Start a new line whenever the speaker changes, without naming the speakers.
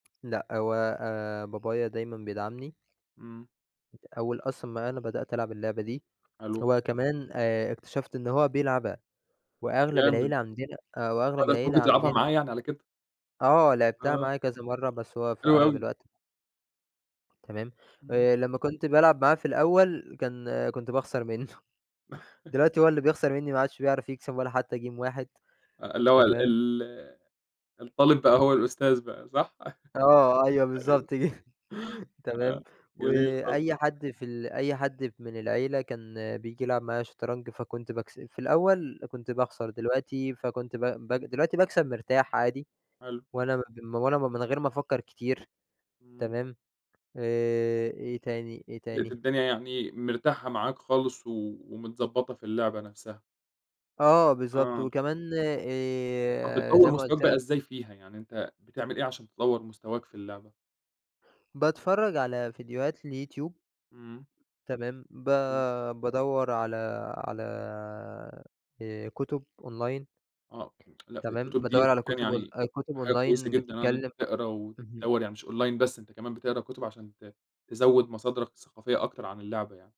لأ هو آآ بابايا دايمًا بيدعمني.
إمم.
أول أصلًا ما أنا بدأت ألعب اللعبة دي،
حلو.
هو كمان آآ اكتشفت إن هو بيلعبها وأغلب
جامد.
العيلة عندنا آآ
آه،
وأغلب
ده أنت
العيلة
ممكن تلعبها
عندنا
معاه يعني على كده؟
آه لعبتها
آه.
معاه كذا مَرّة بس هو في
حلو
أغلب
أوي.
الوقت تمام،
إمم.
آآ لمّا كنت بالعب معاه في الأول، كان كنت باخسر مِنّه، دلوقتي هو اللي بيخسر مِنّي، ما عادش بيعرف يكسب ولا حتى game واحد
آه، اللي هو
تمام.
ال الطالِب بقى
اهم.
هو الأستاذ بقى صح؟
آه، أيوه
أيوه.
بالضبط جه تمام
[unintelligible] جميل خالص.
وأي حد في ال أي حد من العيلة كان بييجي يلعب معايا شطرنج، فكنت باكس في الأول كنت باخسر دلوقتي فكنت ب ب دلوقتي باكسب مرتاح عادي
حلو.
وأنا م وأنا من غير ما أفكّر كتير،
إمم.
تمام، آآ إيه تاني، إيه
لقيت
تاني؟
الدنيا يعني مرتاحة معاك خالص و ومتضبطة في اللعبة نَفْسَها.
آه، بالضبط
آه.
وكمان
آه
آآ
بتطوّر
زي ما
مستواك
قُلت
بقى
لك
إزاي فيها، يعني أنت بتعمل إيه عشان تطوّر مستواك في اللعبة؟
باتفرج على فيديوهات لYouTube.
إمم.
تمام ب
إمم.
بادوّر على على آآ، كُتب Online.
آه، لأ في
تمام،
الكُتب
بادوّر
دي،
على كُتب اون
[unintelligible]
كُتب
حاجة كويسة
Online
جدًا، آه إن أنت
بتتكلم
تقرا
اهم.
وتدوّر يعني مش Online بس أنت كمان بتقرأ كُتب عشان ت تزوّد مصادرك الثقافية أكتر عن اللعبة يعني.